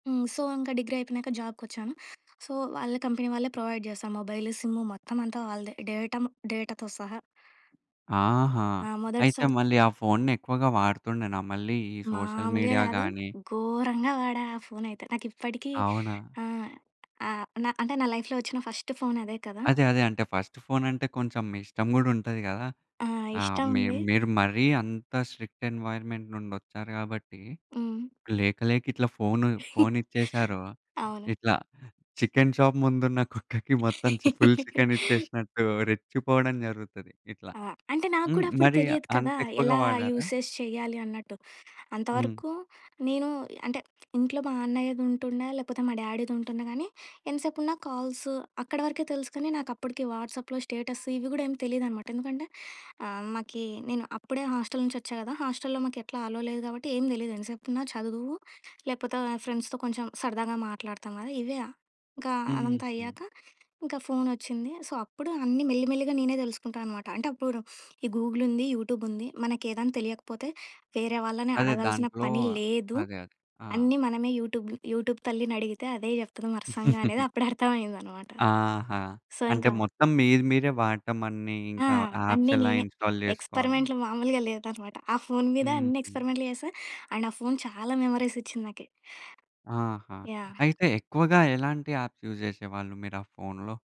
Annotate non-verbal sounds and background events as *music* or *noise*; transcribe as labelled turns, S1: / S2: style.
S1: హ్మ్. సో ఇంక డిగ్రీ అయిపోయినాక జాబ్‌కొచ్చాను. సో వాళ్ళ కంపెనీ వాళ్ళే ప్రొవైడ్ జేశారు. మొబైలు, సిమ్ మొత్తం అంతా వాళ్ళదే డేటమ్ డేటాతో సహా.
S2: ఆహా!
S1: ఆ! మొదటి
S2: అయితే
S1: సా
S2: మళ్ళీ ఆ ఫోన్‌ని ఎక్కువగా వాడుతుండేనా మళ్ళీ ఈ సోషల్
S1: మామూలుగా
S2: మీడియా
S1: గాదు.
S2: గాని
S1: ఘోరంగా వాడా ఆ ఫోనయితే. నాకు ఇప్పటికి
S2: అవునా?
S1: ఆహ్, ఆహ్, నా అంటే నా లైఫ్‌లో వచ్చిన ఫస్ట్ ఫోన్ అదే కదా!
S2: అదే అదే అంటే ఫస్ట్ ఫోనంటే కొంచెం మీ ఇష్టం గూడా ఉంటది కదా!
S1: ఆ!
S2: ఆ!
S1: ఇష్టం
S2: మీర్
S1: ఉంది.
S2: మీరు మరీ అంత స్ట్రిక్ట్ ఎన్‌వైర్‌మెంట్ నుండి వచ్చారు గాబట్టి,
S1: హ్మ్.
S2: లేక లేక ఇట్లా ఫోను,
S1: *chuckles*
S2: ఫోనిచ్చేసారో
S1: అవును.
S2: ఇట్లా చికెన్ షాప్ ముందున్న కుక్కకి మొత్తం చి ఫుల్ చికెన్
S1: *giggles*
S2: ఇచ్చేసినట్టు రెచ్చిపోవడం జరుగుతది ఇట్ల.
S1: ఆ! అంటే నాకు
S2: హ్మ్,
S1: కుడా అప్పుడు
S2: మరి
S1: తెలియదు కదా!
S2: అంతెక్కువగా
S1: ఎలా
S2: వాడారా?
S1: యూసేజ్ చేయ్యాలి అన్నట్టు.
S2: హ్మ్.
S1: అంతవరకు నేను అంటే ఇంట్లో మా అన్నయ్యదుంటుండే లేకపోతే మా డ్యాడీది ఉంటుండె గానీ ఎంతసేపున్నా కాల్స్ అక్కడ వరకే తెలుసుకొని నాకు అప్పడికి వాట్సప్‌లో స్టేటస్ ఇవి గూడా ఏమి తెలీదనమాట. ఎందుకంటే ఆహ్, మాకీ నేను అప్పుడే హాస్టల్ నుంచి వచ్చా గదా! హాస్టల్‌లో మాకెట్లా అలో లేదు గాబట్టి ఏం తెలీదు. ఎంతసేపున్నా చదువు లేపోత ఫ్రెండ్స్‌తో కొంచెం సరదాగా మాట్లాడతాం గదా! ఇవే ఇంక అదంతా
S2: హుహు.
S1: అయ్యాక ఇంకా ఫోనొచ్చింది. సో, అప్పుడు అన్నీ మెల్లిమెల్లిగా నేనే దెలుసుకుంటా అనమాట. అంటే అప్పుడు ఈ గూగులుంది, యూటూబుంది. మనకేదాని తెలియకపోతే వేరే వాళ్ళని
S2: అదే
S1: అడగాల్సిన
S2: దాంట్లో
S1: పని లేదు.
S2: అదే, అదే! ఆ!
S1: అన్నీ మనమే యూటూబ్ యూటూబ్ తల్లినడిగితే అదే చెప్తుంది వర్సంగ అనేది
S2: *giggles*
S1: అప్పుడర్థమయిందనమాట.
S2: ఆహా!
S1: సో
S2: అంటే
S1: ఇంకా.
S2: మొత్తం మీది మీరే వాడటమన్నీ
S1: ఆ!
S2: ఇంకా యాప్స్
S1: అన్నీ
S2: ఎలా
S1: నేనే.
S2: ఇన్‌స్టాల్ జేసుకోవాలి?
S1: ఎక్స్‌పెరిమెంట్‌లు మామూలుగా లేదనమాట. ఆ ఫోన్ మీద అన్ని
S2: హుహు.
S1: ఎక్స్‌పెరిమెంట్‌లు చేశా. అండ్ ఆ ఫోన్ చాలా మెమోరీస్ ఇచ్చింది నాకీ.
S2: ఆహా!
S1: యాహ్!
S2: అయితే ఎక్కువగా ఎలాంటి యాప్స్ యూజ్ జేసేవాళ్ళు మీ‌రు ఆ ఫోన్‌లో?